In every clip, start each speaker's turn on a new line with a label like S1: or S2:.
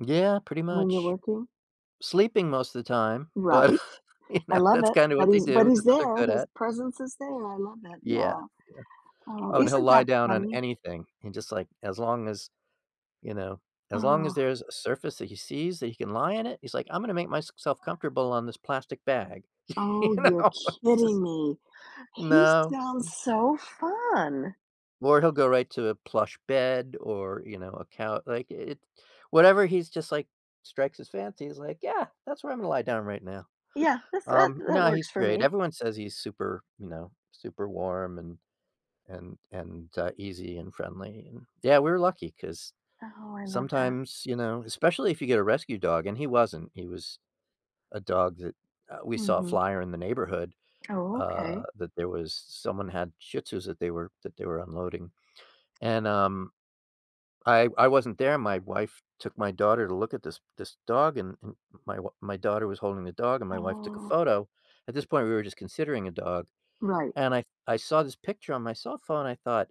S1: Yeah. Pretty
S2: When you're
S1: much.
S2: working?
S1: Sleeping most the time, but,
S2: Right.
S1: you
S2: I
S1: know,
S2: love
S1: that's
S2: it.
S1: kinda
S2: But
S1: what they
S2: he's but
S1: do.
S2: he's
S1: That's what they're
S2: there.
S1: good
S2: His
S1: at.
S2: presence is there. I love it,
S1: Yeah.
S2: yeah.
S1: Yeah.
S2: Oh,
S1: Oh, and he'll
S2: isn't
S1: lie
S2: that
S1: down on
S2: funny?
S1: anything. He just, like, as long as, you know, as long as
S2: Oh.
S1: there's a surface that he sees that he can lie in it, he's, like, "I'm gonna make my s self comfortable on this plastic bag." You
S2: Oh, you're
S1: know? It's
S2: kidding
S1: just
S2: me. He
S1: No
S2: sounds
S1: m
S2: so fun.
S1: Or he'll go right to a plush bed or, you know, a cou like, i it whatever he's just, like, strikes his fancy, he's, like, "Yeah, that's where I'm gonna lie down right now."
S2: Yeah. That's that
S1: Um,
S2: that
S1: no, he's
S2: works for
S1: great,
S2: me.
S1: everyone says he's super, you know, super warm and and and, uh, and easy and friendly and yeah, we're lucky 'cause
S2: Oh, I love that.
S1: sometimes, you know especially if you get a rescue dog, and he wasn't. He was a dog that, uh, we saw a
S2: Mhm.
S1: flyer in the neighborhood,
S2: Oh,
S1: uh,
S2: okay.
S1: that there was s someone had Shih Tzus that they were that they were unloading and, um, I I wasn't there. My wife took my daughter to look at this this dog, and and my w my daughter was holding the dog, and my wife took a
S2: Oh.
S1: photo. At this point, we were just considering a dog.
S2: Right.
S1: And I I saw this picture on my cell phone. I thought,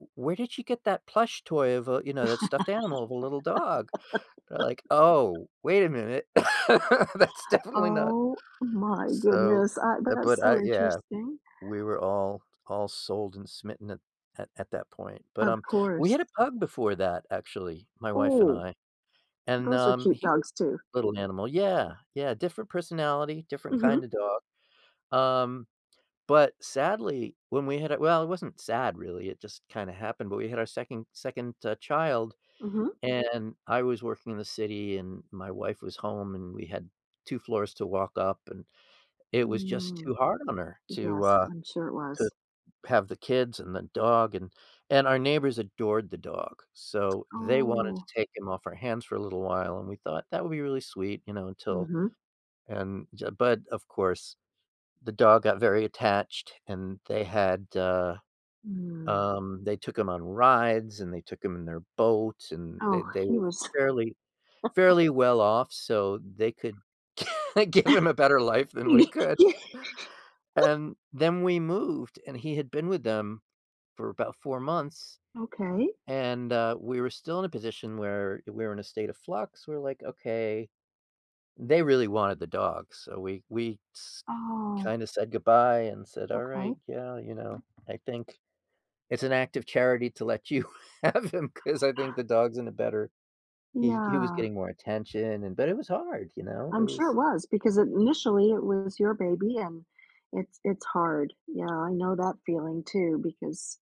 S1: "W where did she get that plush toy of a" you know, "that stuffed animal of a little dog?" They're like, "Oh, wait a minute." That's definitely not
S2: Oh my
S1: so,
S2: goodness. I
S1: eh,
S2: that's
S1: but
S2: so
S1: I yeah. W
S2: interesting.
S1: we were all all sold and smitten at at at that point, but,
S2: Of
S1: um, we
S2: course.
S1: had a pug before that, actually, my wife and
S2: Ooh,
S1: I and,
S2: those are
S1: um,
S2: cute
S1: he was
S2: dogs too.
S1: little animal, yeah, yeah. Different personality, different kinda
S2: Mhm.
S1: dog. Um, but sadly, when we had a well, it wasn't sad, really. It just kinda happened, but we had our second second, uh, child
S2: Mhm.
S1: and I was working in the city, and my wife was home, and we had 2 floors to walk up, and it was just
S2: Mm.
S1: too hard on her to,
S2: Yes,
S1: uh,
S2: I'm sure it
S1: to
S2: was.
S1: have the kids and the dog, and and our neighbors adored the dog, so they wanted to
S2: Oh.
S1: take him off our hands for a little while, and we thought that would be really sweet, you know, until
S2: Mhm.
S1: and j but, of course, the dog got very attached, and they had, uh,
S2: Mm.
S1: um, they took him on rides, and they took him in their boats, and they
S2: Oh,
S1: they
S2: he
S1: were
S2: was
S1: fairly fairly well off so they could give him a better life than we could. And then we moved, and he had been with them for about 4 months,
S2: Okay.
S1: and, uh, we were still in a position where we were in a state of flux. We're, like, "Okay.” They really wanted the dog, so we we s
S2: Oh.
S1: kinda said goodbye and said, "Alright,
S2: Okay.
S1: yeah, you know? I think it's an act of charity to let you have him 'cause I think the dog's in a better “he he was
S2: Yeah.
S1: getting more attention. And but it was hard, you know? It
S2: I'm sure
S1: was
S2: it was because initially it was your baby and it's it's hard. Yeah, I know that feeling too because